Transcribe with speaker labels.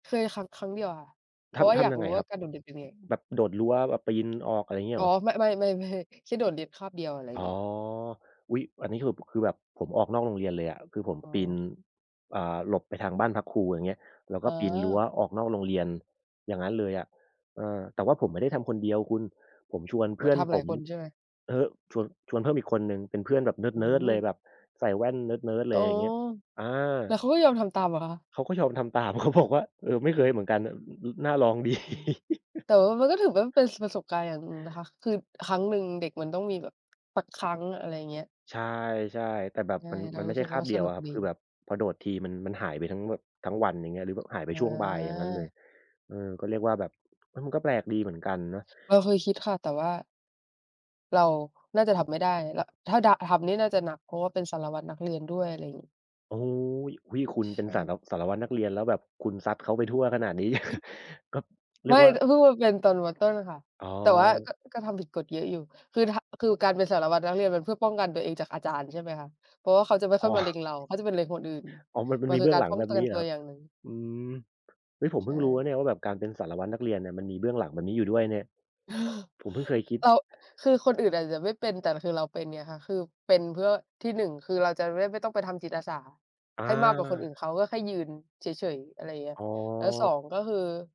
Speaker 1: เคยครั้ง ครั้งเดียวค่ะ เพ
Speaker 2: ท
Speaker 1: ราะว่า
Speaker 2: ำ ท
Speaker 1: อยา
Speaker 2: ำ
Speaker 1: ก
Speaker 2: ยัง
Speaker 1: รู
Speaker 2: ไง
Speaker 1: ้ว
Speaker 2: ค
Speaker 1: ่
Speaker 2: ร
Speaker 1: า
Speaker 2: ับ
Speaker 1: การโดดเรียนเป็นไง
Speaker 2: แบบโดดรั้ว แบบปีนออก อะไรงี้
Speaker 1: อ
Speaker 2: เ
Speaker 1: ๋
Speaker 2: หร
Speaker 1: อ
Speaker 2: อ?
Speaker 1: มะ ไม่ ๆ ๆ แค่โดดเรียนคาบเดียว อะไร
Speaker 2: อ๋
Speaker 1: ง
Speaker 2: อ
Speaker 1: ี้
Speaker 2: อุ๊ย! อันนี้คือ คือแบบผมออกนอกโรงเรียนเลยอะ คือผม
Speaker 1: อ๋
Speaker 2: ปีน
Speaker 1: อ
Speaker 2: อ่า หลบไปทางบ้านพักครู ไรอย่างเงี้ย แล้วก
Speaker 1: อ
Speaker 2: ็
Speaker 1: ๋
Speaker 2: ปีนรั้ว
Speaker 1: อ
Speaker 2: ออกนอกโรงเรียน อย่างงั้นเลยอะ เออ แต่ว่าผมไม่ได้ทำคนเดียวคุณ ผมชวนเพื
Speaker 1: ว
Speaker 2: ่อน
Speaker 1: ทำ
Speaker 2: ผ
Speaker 1: หลาย
Speaker 2: ม
Speaker 1: คนใช่ไหม?
Speaker 2: อือฮึ ชวน ชวนเพิ่มอีกคนหนึ่ง เป็นเพื่อนแบบเน
Speaker 1: อื
Speaker 2: ิร์ด ๆ เลย
Speaker 1: ม
Speaker 2: แบบใส่แว่นเนิร์ด ๆ เ
Speaker 1: โอ
Speaker 2: ล
Speaker 1: ้
Speaker 2: ย อย
Speaker 1: โฮ
Speaker 2: ่างเงี้ย อา
Speaker 1: แล้วเขาก็ยอมทำตามเหรอคะ?
Speaker 2: เขาก็ยอมทำตาม เขาบอกว่า เออ ไม่เคยเหมือนกันน่ะ อ อ น่าลอง ดี
Speaker 1: อืม แต่ว่ามันก็ถือว่าเป็น ส ประสบการณ์อย่างหนึ่งนะคะ คือ
Speaker 2: ช
Speaker 1: ครั้งหนึ่ง เด็กมันต้องมีแบบสักครั้ง อะไรเงี้ย
Speaker 2: ใช่ ๆ แต่แบบ
Speaker 1: ใช่
Speaker 2: มัน
Speaker 1: เร
Speaker 2: ม
Speaker 1: า
Speaker 2: ันไม
Speaker 1: ร
Speaker 2: ่
Speaker 1: ู
Speaker 2: ใ
Speaker 1: ้
Speaker 2: ช
Speaker 1: ส
Speaker 2: ่
Speaker 1: ึก
Speaker 2: ค
Speaker 1: ว
Speaker 2: า
Speaker 1: ่
Speaker 2: บ
Speaker 1: า
Speaker 2: เดี
Speaker 1: ส
Speaker 2: ยว
Speaker 1: นุ
Speaker 2: อ
Speaker 1: ก
Speaker 2: ะครับ
Speaker 1: ดี
Speaker 2: คือแบบพอโดดทีมัน มันหายไปทั้งแบบ ทั้งวัน อย่างเงี้ย หรือแบบหายไป
Speaker 1: อ
Speaker 2: ช่วงบ่าย อย่างงั้นเล
Speaker 1: า
Speaker 2: ย เออ ก็เรียกว่าแบบ อะ มันก็แปลกดีเหมือนกันเนาะ
Speaker 1: เราเคยคิดค่ะ แต่ว่า เราน่าจะทำไม่ได้ ระ ถ้าดะ ทำนี่น่าจะหนัก เพราะว่าเป็นสารวัตรนักเรียนด้วย อะไรงี้
Speaker 2: โอ้โฮ อุ๊ย คุณ
Speaker 1: ใช
Speaker 2: เป็นสา
Speaker 1: ่
Speaker 2: ระ สารวัตรนักเรียน แล้วแบบคุณซัดเขาไปทั่วขนาดนี้ ก็ เรี
Speaker 1: ไม
Speaker 2: ย
Speaker 1: ่
Speaker 2: กว่า
Speaker 1: อ เพิ่งมาเป็นตอน ม.ต้น อะค่ะ
Speaker 2: อ๋
Speaker 1: แต่ว่า
Speaker 2: อ
Speaker 1: ก็ ก็ทำผิดกฎเยอะอยู่ คือถะ คือการเป็นสารวัตรนักเรียนมันเพื่อป้องกันตัวเองจากอาจารย์ ใช่ไหมคะ เพราะว่าเขาจะไม่
Speaker 2: อ
Speaker 1: ค
Speaker 2: ๋
Speaker 1: ่อยมาเล
Speaker 2: อ
Speaker 1: ็งเรา เขาจะไปเล็งคนอื่น
Speaker 2: อ๋อ มัน มั
Speaker 1: ม
Speaker 2: น
Speaker 1: ัน
Speaker 2: มี
Speaker 1: ค
Speaker 2: เ
Speaker 1: ื
Speaker 2: บ
Speaker 1: อ
Speaker 2: ื้
Speaker 1: ก
Speaker 2: อง
Speaker 1: าร
Speaker 2: หลั
Speaker 1: ป
Speaker 2: ง
Speaker 1: ้อ
Speaker 2: แ
Speaker 1: ง
Speaker 2: บ
Speaker 1: ก
Speaker 2: บ
Speaker 1: ั
Speaker 2: น
Speaker 1: น
Speaker 2: ี้เห
Speaker 1: ต
Speaker 2: รอ
Speaker 1: ัว
Speaker 2: ครั
Speaker 1: อ
Speaker 2: บ?
Speaker 1: ย่างหนึ่ง
Speaker 2: อืม เฮ้ย ผม
Speaker 1: ใ
Speaker 2: เพ
Speaker 1: ช
Speaker 2: ิ่งรู้นะเน
Speaker 1: ่
Speaker 2: ี่ยว่าแบบ การเป็นสารวัตรนักเรียนเนี่ย มันมีเบื้องหลังแบบนี้อยู่ด้วยเนี่ย ผมเพิ่งเคยคิด
Speaker 1: เรา คือคนอื่นอาจจะไม่เป็น แต่คือเราเป็นไงคะ คือเป็นเพื่อที่ 1 คือเราจะได้ ไม่ต้องไปทำจิตอาสา
Speaker 2: อ
Speaker 1: ให้มากกว่าคนอื่
Speaker 2: า
Speaker 1: นเขา ก็แค่ยืนเฉย ๆ อะไรอย่างเงี้ย
Speaker 2: อ๋
Speaker 1: แล้ว ส
Speaker 2: อ
Speaker 1: อง ก็คือ